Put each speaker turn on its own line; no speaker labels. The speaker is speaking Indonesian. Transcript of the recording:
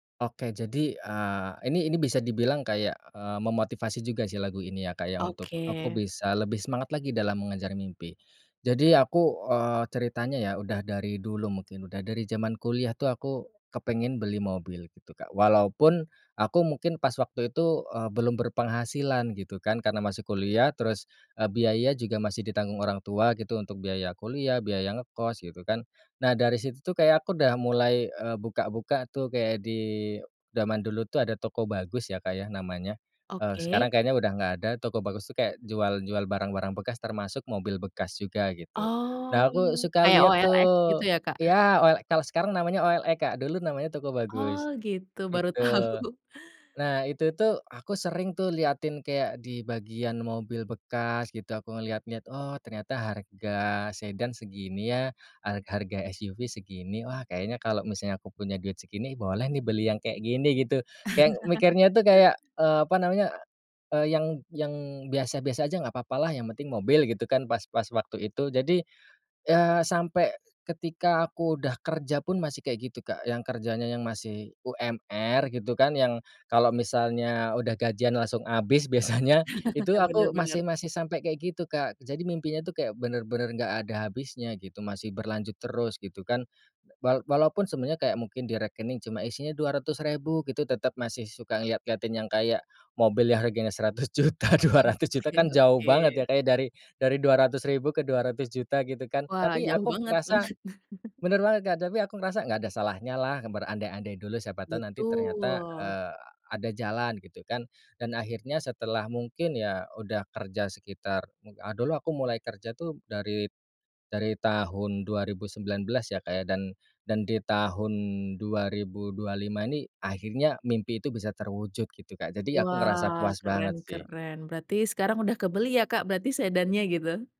Oke jadi, eee, ini ini bisa dibilang kayak, eee, memotivasi juga sih lagu ini ya Kak ya untuk, aku
Oke.
bisa lebih semangat lagi dalam mengejar mimpi. Jadi aku, eee, ceritanya ya udah dari dulu mungkin, udah dari zaman kuliah tuh aku kepengen beli mobil gitu Kak. Walaupun, aku mungkin pas waktu itu, eee, belum berpenghasilan gitu kan, karena masih kuliah terus, eee, biaya juga masih ditanggung orang tua gitu, untuk biaya kuliah, biaya ngekos gitu kan. Nah dari situ tuh kayak aku udah mulai, eee, buka-buka tuh kayak di, zaman dulu tuh ada Tokobagus ya Kak ya, namanya, eee, sekarang
Oke.
kayaknya udah nggak ada, Tokobagus tuh kayak jual jual barang-barang bekas, termasuk mobil bekas juga, gitu. Nah
Oh,
aku suka
kayak
lihat
OLX
tuh,
gitu ya Kak.
iya OL kalau sekarang namanya OLX Kak, dulu namanya
Oh
Tokobagus,
gitu, baru
gitu.
tahu.
Nah itu tuh, aku sering tuh liatin kayak di bagian mobil bekas gitu aku ngelihat-lihat, "Oh ternyata harga sedan segini ya, har harga SUV segini, wah kayaknya kalo misalnya aku punya duit segini, boleh nih beli yang kayak gini." Gitu. Kayak mikirnya itu kayak, eee, apa namanya, eee, yang yang biasa-biasa aja, nggak apa-apa lah, yang penting mobil gitu kan, pas pas waktu itu. Jadi, ya sampai ketika aku udah kerja pun masih kayak gitu Kak, yang kerjanya yang masih UMR gitu kan, yang kalau misalnya udah gajian langsung habis biasanya, itu
Benar
aku,
benar.
masih masih sampai kayak gitu Kak. Jadi mimpinya itu kayak bener-bener nggak ada habisnya gitu, masih berlanjut terus gitu kan. Wa walaupun sebenarnya kayak mungkin di rekening cuma isinya 200 ribu gitu, tetap masih suka ngeliat-ngeliatin yang kayak, mobil yang harganya 100 juta, 200 juta
Oke
kan jauh
oke.
banget ya Kak ya, dari dari 200 ribu ke 200 juta, gitu kan.
Wah
Tapi
jauh
aku
banget,
ngerasa
banget.
benar banget Kak, tapi aku ngerasa "nggak ada salahnya lah, berandai-andai dulu, siapa tahu nanti" ternyata,
Betul.
eee, ada jalan, gitu kan. Dan akhirnya setelah mungkin ya, udah kerja sekitar, mu a dulu aku mulai kerja tuh dari dari tahun 2019 ya Kak ya, dan dan di tahun 2025 ini, akhirnya mimpi itu bisa terwujud gitu Kak, jadi aku ngerasa
Wah,
puas
keren
banget sih.
keren. Berarti sekarang sudah kebeli ya Kak, berarti sedannya gitu?